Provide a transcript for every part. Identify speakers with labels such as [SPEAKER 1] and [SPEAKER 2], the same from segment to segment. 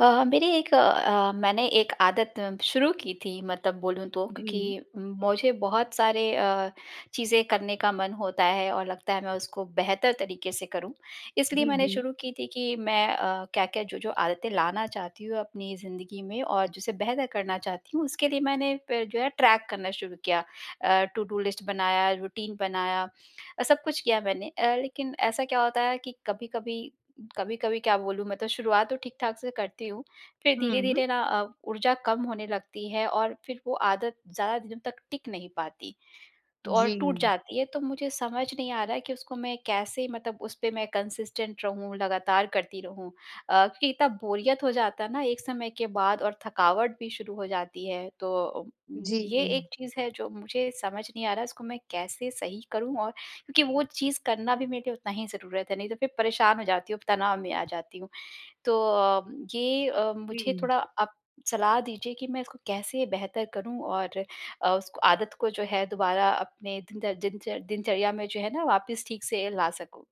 [SPEAKER 1] अ अ, मेरी एक अ, मैंने एक आदत शुरू की थी मतलब बोलूँ तो
[SPEAKER 2] जी।
[SPEAKER 1] क्योंकि मुझे बहुत सारे अ, चीज़ें करने का मन होता है और लगता है मैं उसको बेहतर तरीक़े से करूँ, इसलिए
[SPEAKER 2] जी,
[SPEAKER 1] मैंने
[SPEAKER 2] जी।
[SPEAKER 1] शुरू की थी कि मैं अ, क्या-क्या, जो-जो आदतें लाना चाहती हूँ अपनी ज़िंदगी में और जिसे बेहतर करना चाहती हूँ उसके लिए मैंने पे जो है ट्रैक करना शुरू किया अ, टूडू लिस्ट बनाया रूटीन बनाया, सब कुछ किया मैंने अ, लेकिन ऐसा क्या होता है कि कभी-कभी, कभी-कभी क्या बोलूँ मैं तो शुरुआत तो ठीक-ठाक से करती हूँ फिर
[SPEAKER 2] हुँ।
[SPEAKER 1] धीरे-धीरे ना अ, ऊर्जा कम होने लगती है और फिर वो आदत ज़्यादा दिन तक टिक नहीं पाती तो और टूट
[SPEAKER 2] जी।
[SPEAKER 1] जाती है, तो मुझे समझ नहीं आ रहा है कि उसको मैं कैसे मतलब उसपे मैं कंसिस्टेंट रहूँ लगातार करती रहूँ अ, क्योंकि इतना बोरियत हो जाता है ना एक समय के बाद और थकावट भी शुरू हो जाती है, तो अम उम, ये
[SPEAKER 2] जी।
[SPEAKER 1] एक चीज़ है जो मुझे समझ नहीं आ रहा, उसको मैं कैसे सही करूँ और क्योंकि वो चीज़ करना भी मेरे लिए उतना ही ज़रूरत है, नहीं तो फिर परेशान हो जाती हूँ, तनाव में आ जाती हूँ। तो अम ये अ, मुझे
[SPEAKER 2] जी।
[SPEAKER 1] थोड़ा आप सलाह दीजिए कि मैं इसको कैसे बेहतर करूँ? और अ, उसको आदत को जो है दोबारा अपने दिनदर दिनचर दिनचर्या में जो है ना वापिस ठीक से ला सकूँ।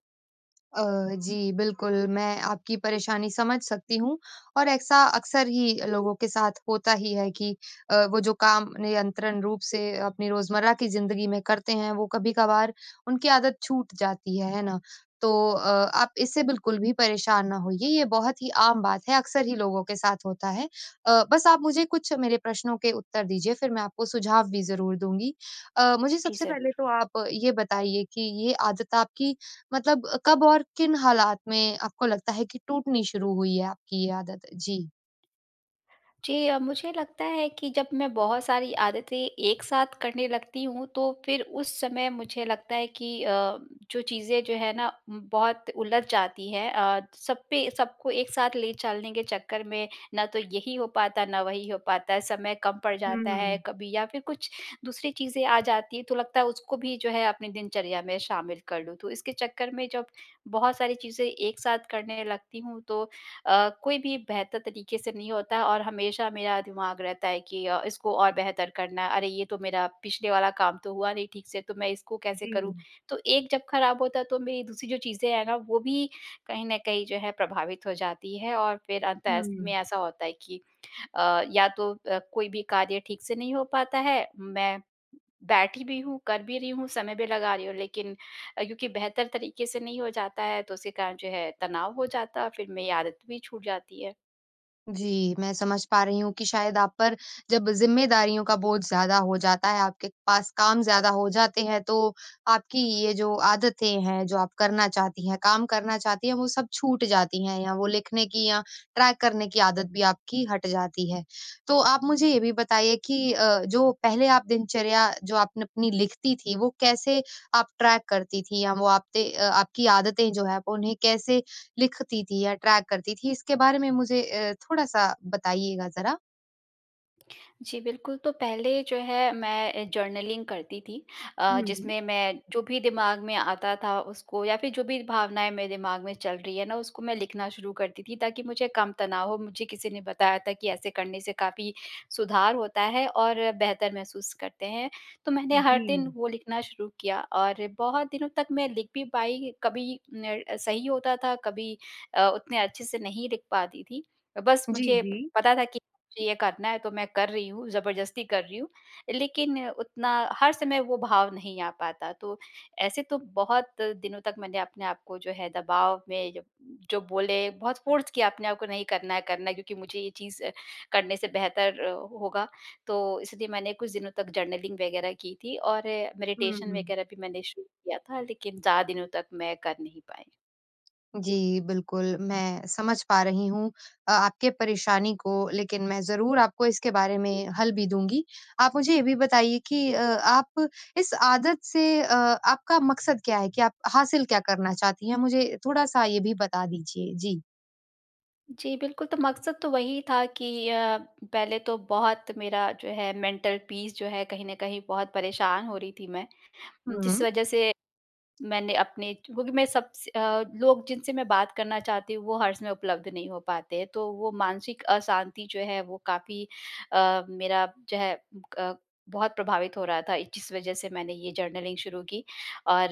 [SPEAKER 2] अ, जी बिल्कुल मैं आपकी परेशानी समझ सकती हूँ। और ऐसा अक्सर ही लोगों के साथ होता ही है कि अ, वो जो काम नियंत्रण रूप से अपनी रोज़मर्रा की ज़िंदगी में करते हैं, वो कभी-कभार उनकी आदत छूट जाती है, है ना? तो अ, आप इससे बिल्कुल भी परेशान ना होइए ये बहुत ही आम बात है, अक्सर ही लोगों के साथ होता है। अ, बस आप मुझे कुछ मेरे प्रश्नों के उत्तर दीजिए फिर मैं आपको सुझाव भी ज़रूर दूँगी। अ, मुझे
[SPEAKER 1] जी,
[SPEAKER 2] सबसे पहले
[SPEAKER 1] ज़रूर।
[SPEAKER 2] तो आप ये बताइए कि, ये आदत आपकी मतलब कब और किन हालात में आपको लगता है कि टूटनी शुरू हुई है आपकी ये आदत? जी।
[SPEAKER 1] जी अ, मुझे लगता है कि जब मैं बहुत सारी आदतें एक साथ करने लगती हूँ तो फिर उस समय मुझे लगता है कि अ, जो चीज़ें जो हैं ना उम्म, बहुत उलझ जाती हैं। अ, सब पे सबको एक साथ ले चलने के चक्कर में ना तो यही हो पाता है ना वही हो पाता है समय कम पड़ जाता है
[SPEAKER 2] हुँ।
[SPEAKER 1] कभी या फिर कुछ दूसरी चीज़ें आ जाती है तो लगता है, उसको भी जो है अपनी दिनचर्या में शामिल कर लूँ। तो इसके चक्कर में जब बहुत सारी चीज़ें एक साथ करने लगती हूँ तो अ, कोई भी बेहतर तरीके से नहीं होता और हमेशा मेरा दिमाग रहता है कि अ, इसको और बेहतर करना है अरे ये तो मेरा पिछले वाला काम तो हुआ नहीं ठीक से तो मैं इसको कैसे करूँ।
[SPEAKER 2] जी।
[SPEAKER 1] तो एक जब खराब होता है तो मेरी दूसरी जो चीज़ें हैं ना वो भी कहीं न कहीं जो है प्रभावित हो जाती हैं और फिर अंत:स्त में
[SPEAKER 2] हुँ।
[SPEAKER 1] ऐसा होता है कि अ, या तो अ, कोई भी कार्य ठीक से नहीं हो पाता है। मैं बैठी भी हूँ, कर भी रही हूँ, समय भी लगा रही हूँ लेकिन अ, क्योंकि बेहतर तरीके से नहीं हो जाता है तो उसी कारण जो है तनाव हो जाता है, फिर मेरी आदत भी छूट जाती है।
[SPEAKER 2] जी, मैं समझ पा रही हूँ कि शायद आप पर, जब ज़िम्मेदारियों का बोझ ज़्यादा हो जाता है, आपके पास काम ज़्यादा हो जाते हैं तो, आपकी ये जो आदतें हैं जो आप करना चाहती हैं, काम करना चाहती हैं वो सब छूट जाती हैं या वो लिखने कि या ट्रैक करने कि आदत भी आपकी, हट जाती है। तो आप मुझे ये भी बताइए कि जो पहले आप दिनचर्या जो आपने अपनी लिखती थी वो कैसे आप ट्रैक करती थी? या वो आप ते अ, आपकी आदतें जो हैं वो उन्हें कैसे लिखती थी या ट्रैक करती थी? इसके बारे में मुझे अ, थोड़ा-सा बताइएगा ज़रा।
[SPEAKER 1] जी, बिल्कुल। तो पहले जो है मैं जर्नलिंग करती थी। अ,
[SPEAKER 2] हुँ।
[SPEAKER 1] जिसमें मैं जो भी दिमाग में आता था उसको या फिर जो भी भावनाएँ मेरे दिमाग में चल रही है ना उसको मैं लिखना शुरू करती थी ताकि मुझे कम तनाव हो, मुझे किसी ने बताया था कि ऐसे करने से काफ़ी सुधार होता है और बेहतर महसूस करते हैं। तो मैंने हर दिन
[SPEAKER 2] जी।
[SPEAKER 1] वो लिखना शुरू किया और बहुत दिनों तक मैं लिख भी पाई कभी ने सही होता था कभी अ, उतने अच्छे से नहीं लिख पाती थी। बस
[SPEAKER 2] जी,
[SPEAKER 1] मुझे
[SPEAKER 2] जी।
[SPEAKER 1] पता था कि मुझे ये करना है तो मैं कर रही हूँ जबरदस्ती कर रही हूँ लेकिन उतना हर समय वो भाव नहीं आ पाता। तो ऐसे तो बहुत दिनों तक मैंने अपने आप को जो है दबाव में ज जो बोले बहुत फ़ोर्स किया अपने आप को नहीं करना है करना है क्योंकि मुझे ये चीज़ करने से बेहतर होगा। तो इसलिए मैंने कुछ दिनों तक जर्नलिंग वग़ैरह की थी और
[SPEAKER 2] हुँ,
[SPEAKER 1] मेडिटेशन
[SPEAKER 2] हुँ।
[SPEAKER 1] वग़ैरह भी मैंने शुरू किया था लेकिन ज़्यादा दिनों तक मैं कर नहीं पाई।
[SPEAKER 2] जी बिल्कुल मैं समझ पा रही हूँ अ, आपके परेशानी को लेकिन मैं ज़रूर आपको इसके बारे में हल भी दूँगी। आप मुझे ये भी बताइए कि अ, आप इस आदत से अ, आपका मक़सद क्या है, कि आप हासिल क्या करना चाहती हैं? मुझे थोड़ा-सा ये भी बता दीजिए। जी।
[SPEAKER 1] जी बिल्कुल, तो मक़सद तो वही था कि अ, पहले तो बहुत मेरा जो है मेंटल पीस जो है कहीं न कहीं बहुत परेशान हो रही थी मैं, जिस
[SPEAKER 2] हुँ।
[SPEAKER 1] वजह से मैंने अपने क्योंकि मैं सबस अ, लोग जिनसे मैं बात करना चाहती हूँ वो हर समय उपलब्ध नहीं हो पाते हैं, तो वो मानसिक अशांति जो है वो काफ़ी अ, मेरा जो है उ ब क बहुत प्रभावित हो रहा था जिस वजह से मैंने ये जर्नलिंग शुरू की और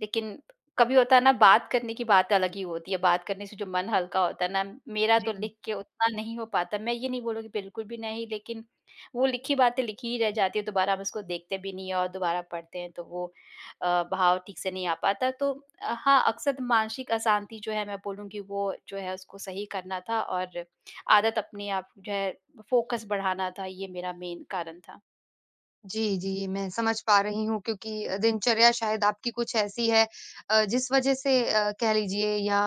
[SPEAKER 1] लेकिन कभी होता है ना बात करने की बात अलग ही होती है, बात करने से जो मन हल्का होता है ना मेरा तो
[SPEAKER 2] जी।
[SPEAKER 1] लिख के उतना नहीं हो पाता मैं ये नहीं बोलूँगी बिल्कुल भी नहीं लेकिन वो लिखी बातें लिखी ही रह जाती है दोबारा हम उसको देखते भी नहीं हैं और दोबारा पढ़ते हैं तो वो अ, भाव ठीक से नहीं आ पाता। तो हाँ, अक्सर मानसिक अशांति जो है मैं बोलूँगी वो जो है उसको सही करना था और आदत अपने आप जो है फ़ोकस बढ़ाना था, ये मेरा मेन कारण था।
[SPEAKER 2] जी, जी। मैं समझ पा रही हूँ क्योंकि दिनचर्या शायद आपकी कुछ ऐसी है अ, जिस वज़ह से अ, कह लीजिए या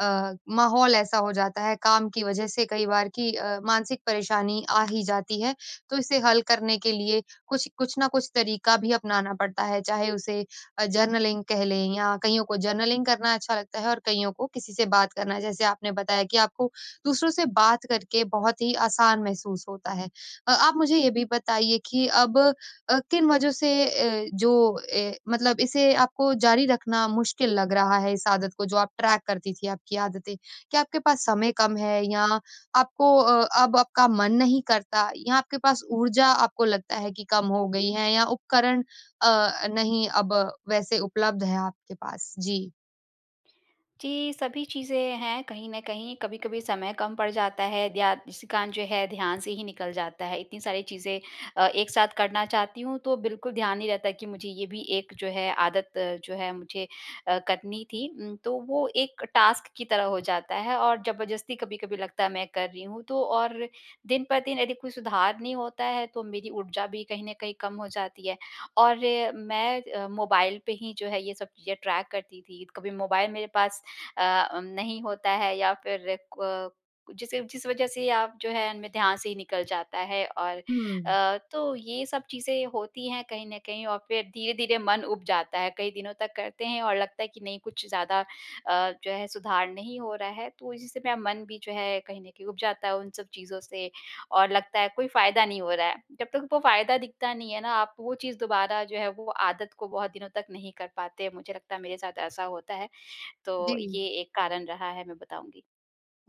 [SPEAKER 2] अ, माहौल ऐसा हो जाता है काम की वज़ह से कई बार कि अ, मानसिक परेशानी आ ही जाती है। तो इसे हल करने के लिए कुछ कुछ न कुछ तरीका भी अपनाना पड़ता है, चाहे उसे अ, जर्नलिंग कह लें या कईयों को जर्नलिंग करना अच्छा लगता है और कइयों को किसी से बात करना है जैसे आपने बताया कि आपको दूसरों से बात करके बहुत ही आसान महसूस होता है। अ, आप मुझे ये भी बताइए कि अब अ, किन वज़ह से अ, जो अ, मतलब इसे आपको जारी रखना मुश्किल लग रहा है इस आदत को जो आप ट्रैक करती थी आपकी आदतें? क्या आपके पास समय कम है या आपको अ, अब आपका मन नहीं करता या आपके पास ऊर्जा आपको लगता है कि कम हो गई है या उपकरण अ, नहीं अब वैसे उपलब्ध है आपके पास? जी।
[SPEAKER 1] जी, सभी चीज़ें हैं कहीं न कहीं कभी-कभी समय कम पड़ जाता है। ध्या उसी कारण जो है ध्यान से ही निकल जाता है इतनी सारी चीज़ें अ, एक साथ करना चाहती हूँ तो बिल्कुल ध्यान नहीं रहता कि मुझे ये भी एक जो है आदत जो है मुझे अ, करनी थी उम, तो वो एक टास्क की तरह हो जाता है और जबरदस्ती कभी-कभी लगता है मैं कर रही हूँ, तो और दिन प दिन यदि कोई सुधार नहीं होता है तो मेरी ऊर्जा भी कहीं न कहीं कम हो जाती है। और मैं अ, मोबाइल पे ही जो है ये सब चीज़ें ट्रैक करती थी, कभी मोबाइल मेरे पास अ, उम, नहीं होता है या फिर क जिस जिस वज़ह से अब जो है मेरे ध्यान से ही निकल जाता है और
[SPEAKER 2] हुँ।
[SPEAKER 1] अ, तो ये सब चीज़ें होती हैं कहीं न कहीं और फिर धीरे-धीरे मन उब जाता है, कई दिनों तक करते हैं और लगता है कि नहीं कुछ ज़्यादा अ, जो है सुधार नहीं हो रहा है। तो इसी से मेरा मन भी जो है कहीं न कहीं उब जाता है उन सब चीज़ों से, और लगता है कोई फ़ायदा नहीं हो रहा है। जब तक वो फ़ायदा दिखता नहीं है ना आप वो चीज़ दोबारा जो है वो आदत को बहुत दिनों तक नहीं कर पाते मुझे लगता है मेरे साथ ऐसा होता है। तो
[SPEAKER 2] जी।
[SPEAKER 1] ये एक कारण रहा है मैं बताऊँगी।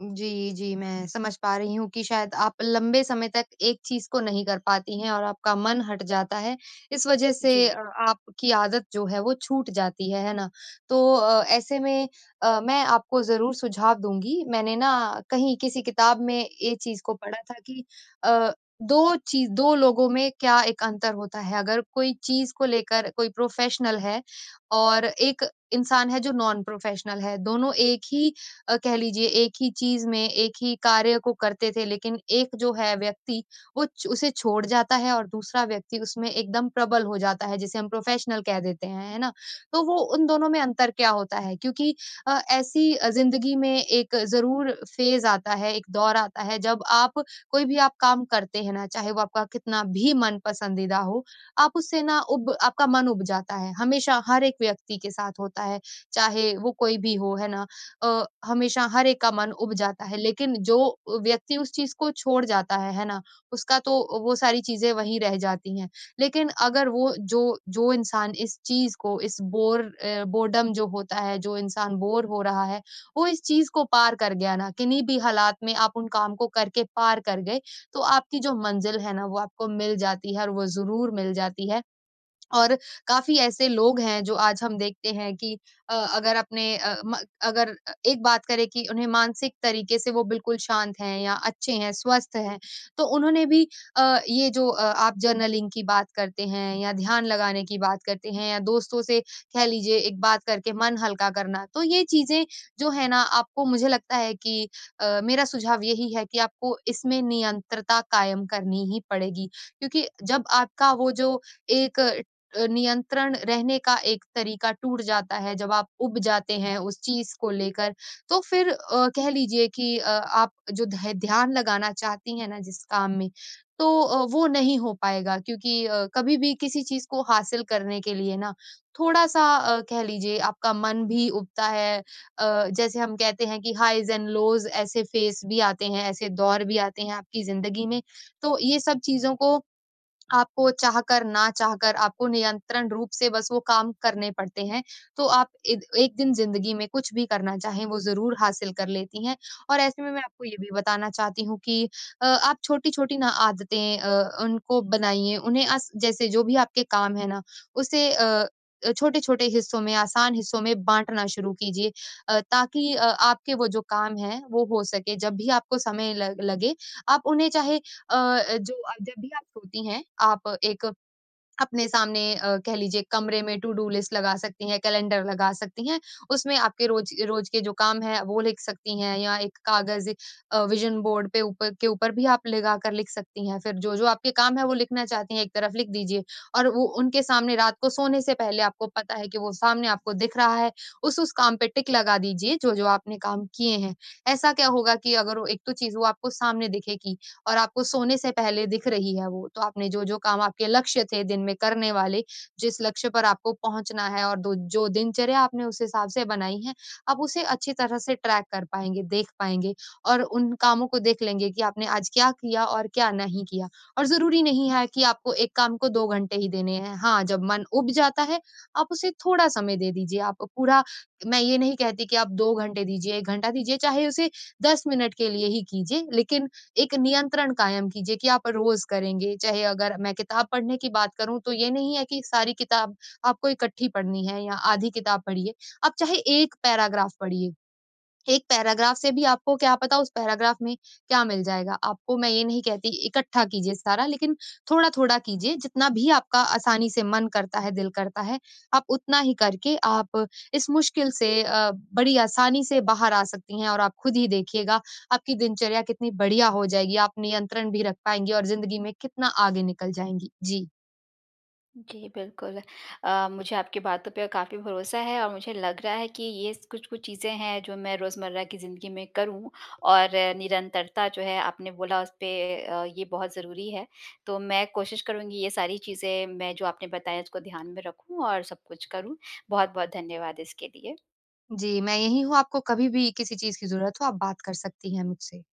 [SPEAKER 2] जी, जी। मैं समझ पा रही हूँ कि शायद आप लंबे समय तक एक चीज़ को नहीं कर पाती हैं और आपका मन हट जाता है। इस वज़ह से अ,
[SPEAKER 1] जी।
[SPEAKER 2] आपकी आदत जो है वो छूट जाती है, है ना? तो अ, ऐसे में अ, मैं आपको ज़रूर सुझाव दूँगी। मैंने ना कहीं किसी किताब में ये चीज़ को पढ़ा था कि अ, 2 चीज़ 2 लोगों में क्या 1 अंतर होता है। अगर कोई चीज़ को लेकर कोई प्रोफ़ेशनल है, और एक इंसान है जो नॉन-प्रोफेशनल है दोनों 1 ही अ, कह लीजिए, 1 ही चीज़ में 1 ही कार्य को करते थे लेकिन 1 जो है व्यक्ति, वो च उसे छोड़ जाता है और दूसरा व्यक्ति उसमें एकदम प्रबल हो जाता है जिसे हम प्रोफेशनल कह देते हैं। है ना? तो वो, उन दोनों में अंतर क्या होता है? क्योंकि अ, ऐसी अ, ज़िंदगी में एक ज़रूर फेज़ आता है, एक दौर आता है जब आप कोई भी आप काम करते हैं ना, चाहे वो आपका कितना भी मन-पसंदीदा हो, आप उससे ना उब आपका मन उब जाता है। हमेशा हर एक व्यक्ति के साथ होता है, चाहे वो कोई भी हो, है ना? अ, हमेशा हर एक का मन उब जाता है लेकिन जो व्यक्ति उस चीज़ को छोड़ जाता है, है ना? उसका तो वो सारी चीज़ें वहीं रह जाती हैं लेकिन अगर वो जो जो इंसान इस चीज़ को इस बोर अ बोर्डम जो होता है जो इंसान बोर हो रहा है, वो इस चीज़ को पार कर गया ना किन्ही भी हालात में आप उन काम को करके पार कर गए, तो आपकी जो मंज़िल है ना वो आपको मिल जाती है और वो ज़रूर मिल जाती है। और काफ़ी ऐसे लोग हैं जो आज हम देखते हैं कि अ, अगर अपने अ, म अगर अ, एक बात करें कि उन्हें मानसिक तरीके से वो बिल्कुल शांत हैं या अच्छे हैं स्वस्थ हैं। तो उन्होंने भी अ, ये जो अ, आप जर्नलिंग की बात करते हैं या ध्यान लगाने की बात करते हैं या दोस्तों से कह लीजिए एक बात करके मन हल्का करना, तो ये चीज़ें जो है ना आपको मुझे लगता है कि अ, मेरा सुझाव यही है कि आपको इसमें नियंत्रता कायम करनी ही पड़ेगी। क्योंकि जब आपका वो जो एक अ, नियंत्रण रहने का एक तरीका टूट जाता है जब आप उब जाते हैं उस चीज़ को लेकर तो फिर अ, कह लीजिए कि अ, आप जो ध्य ध्यान लगाना चाहती हैं ना, जिस काम में तो अ, वो नहीं हो पाएगा, क्योंकि अ, कभी-भी किसी चीज़ को हासिल करने के लिए ना थोड़ा-सा अ, कह लीजिए आपका मन भी उबता है। अ, जैसे हम कहते हैं कि हाईज़ एंड लोज़ ऐसे फेज़ भी आते हैं, ऐसे दौर भी आते हैं आपकी ज़िंदगी में। तो ये सब चीज़ों को आपको चाह कर ना चाहकर आपको नियंत्रण रूप से बस वो काम करने पड़ते हैं, तो आप एक एक दिन जिंदगी में कुछ भी करना चाहें वो ज़रूर हासिल कर लेती हैं। और ऐसे में, मैं आपको ये भी बताना चाहती हूँ कि अ, आप छोटी-छोटी ना आदतें अ, उनको बनाइए उन्हें अ, जैसे जो भी आपके काम है ना उसे अ, छोटे-छोटे हिस्सों में आसान हिस्सों में बाँटना शुरू कीजिए। अ, ताकि अ, आपके वो जो काम हैं वो हो सके जब भी आपको समय ल लगे आप उन्हें चाहे अ, जो आप जब भी आप सोती हैं आप एक अपने सामने अ, कह लीजिए कमरे में टू-डू लिस्ट लगा सकती हैं, कैलेंडर लगा सकती हैं उसमें आपके रोज रोज के जो काम हैं वो लिख सकती हैं या एक कागज अ, विज़न बोर्ड पे ऊपर के ऊपर भी आप लगाकर लिख सकती हैं। फिर जो-जो आपके काम हैं वो लिखना चाहती हैं एक तरफ लिख दीजिए, और वो उनके सामने रात को सोने से पहले आपको पता है कि वो सामने आपको दिख रहा है, उस-उस काम पे टिक लगा दीजिए जो-जो आपने काम किए हैं। ऐसा क्या होगा कि अगर वो एक तो चीज़ वो आपको सामने दिखेगी और आपको सोने से पहले दिख रही है वो, तो आपने जो-जो काम आपके लक्ष्य थे दिन में करने वाले, जिस लक्ष्य पर आपको पहुँचना है और दो जो दिनचर्या आपने उस हिसाब से बनाई है, आप उसे अच्छी तरह से ट्रैक कर पाएँगे, देख पाएँगे, और उन कामों को देख लेंगे कि आपने आज क्या किया और क्या नहीं किया, और ज़रूरी नहीं है कि आपको 1 को 2 घंटे ही देने हैं, हाँ, जब मन उब जाता है आप उसे थोड़ा समय दे दीजिए आप पूरा मैं ये नहीं कहती कि आप 2 घंटे दीजिए, 1 घंटा दीजिए, चाहे उसे 10 मिनट के लिए ही कीजिए। लेकिन एक नियंत्रण कायम कीजिए कि आप रोज करेंगे। चाहे अगर मैं किताब पढ़ने की बात करूँ तो ये नहीं है कि सारी किताब आपको इकट्ठी पढ़नी है या आधी किताब पढिए, आप चाहे 1 पैराग्राफ पढिए। 1 पैराग्राफ़ से भी आपको क्या पता उस पैराग्राफ़ में क्या मिल जाएगा, आपको मैं ये नहीं कहती इकट्ठा कीजिए सारा लेकिन थोड़ा-थोड़ा कीजिए जितना भी आपका आसानी से मन करता है, दिल करता है, आप उतना ही करके आप इस मुश्किल से अ, बड़ी आसानी से बाहर आ सकती हैं और आप खुद ही देखिएगा, आपकी दिनचर्या कितनी बढ़िया हो जाएगी, आप नियंत्रण भी रख पाएँगी और जिंदगी में कितना आगे निकल जाएँगी। जी।
[SPEAKER 1] जी, बिल्कुल। अ, मुझे आपकी बातों पर काफ़ी भरोसा है और मुझे लग रहा है कि ये स कुछ-कुछ चीज़ें हैं जो मैं रोज़मर्रा की ज़िंदगी में करूँ। और निरंतरता जो है आपने बोला उस पे अ, ये बहुत ज़रूरी है, तो मैं कोशिश करुँगी ये सारी चीज़ें मैं जो आपने बताई उसको ध्यान में रखूँ और सब कुछ करूँ। बहुत-बहुत धन्यवाद इसके लिए।
[SPEAKER 2] जी, मैं यहीं हूँ आपको कभी-भी किसी चीज़ की ज़रूरत हो आप बात कर सकती हैं मुझसे।